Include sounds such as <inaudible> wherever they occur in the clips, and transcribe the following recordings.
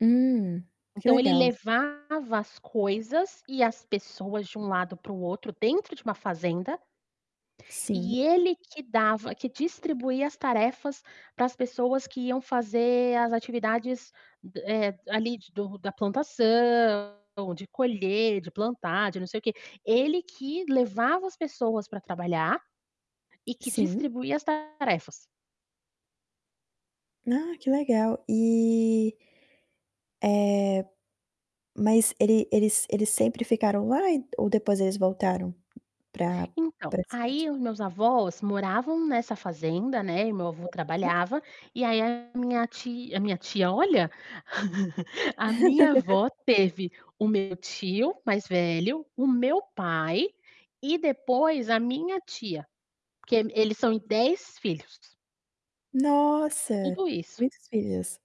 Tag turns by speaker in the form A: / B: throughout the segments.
A: Hum, que
B: Então ele
A: legal.
B: levava as coisas e as pessoas de um lado para o outro, dentro de uma fazenda
A: Sim.
B: E ele que dava que distribuía as tarefas para as pessoas que iam fazer as atividades d eh, ali, do da plantação de colher, de plantar, de não sei o quê. Ele que levava as pessoas para trabalhar e que
A: Sim.
B: distribuía as tarefas.
A: Ah que legal e eh, mas ele eles eles sempre ficaram lá, e ou depois eles voltaram pra
B: Então,
A: pra a cidade?
B: aí os meus avós moravam nessa fazenda, né, e meu avô
A: <unintelligible>
B: trabalhava. E aí, a minha tia a minha tia, olha, <laughs> a minha
A: <laughs>
B: avó teve o meu tio mais velho, o meu pai e depois a minha tia. Porque eles eles são em 10 filhos.
A: Nossa,
B: Tudo isso.
A: muitos filhos.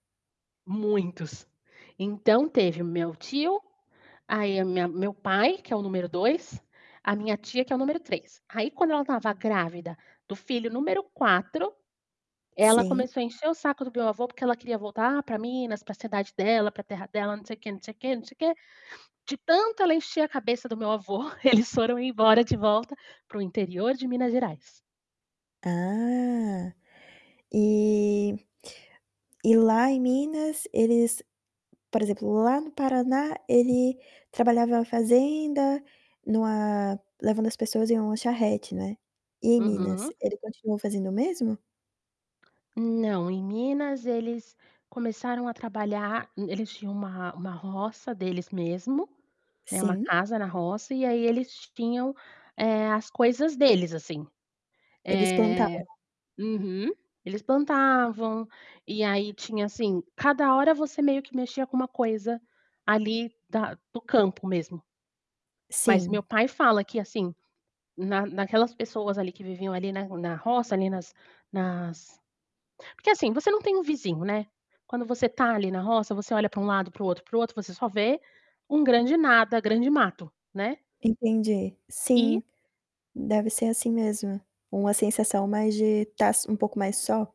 B: Muitos. Então teve o meu tio, aí a minha meu pai, que é o número 2, a minha tia, que é o número 3. Aí, quando ela estava grávida do filho número 4. Ela
A: Sim.
B: começou a encher o saco do meu avô porque ela queria voltar para Minas, para a cidade dela, para a terra dela, não sei quê, não sei quê, não sei quê. De tanto ela encheu a cabeça do meu avô, que eles foram embora de volta para o interior de Minas Gerais.
A: Ah, e E lá em Minas eles, por exemplo, lá no Paraná ele trabalhava na fazenda, em uma levando as pessoas em uma charrete, né. E em Minas?
B: Uhum.
A: Ele continuou fazendo o mesmo?
B: Não, em Minas eles começaram a trabalhar. Eles tinham uma uma roça deles mesmo, né, uma
A: Sim.
B: casa na roça, e aí eles tinham, eh, as coisas deles, assim.
A: Eles plantavam?
B: Eh uhum, eles plantavam, e aí, tinha assim, cada hora você meio que mexia com uma coisa, ali, da do campo mesmo. Mas meu
A: Sim.
B: pai fala que assim, na naquelas pessoas ali que viviam ali na na roça, ali nas nas porque assim, você não tem um vizinho, né. Quando você está, ali, na roça, você olha para um lado, para o outro, para o outro, você só vê um grande nada, grande mato, né.
A: Entendi,
B: E
A: sim, deve ser, assim, mesmo, uma sensação mais de estar s um pouco mais só.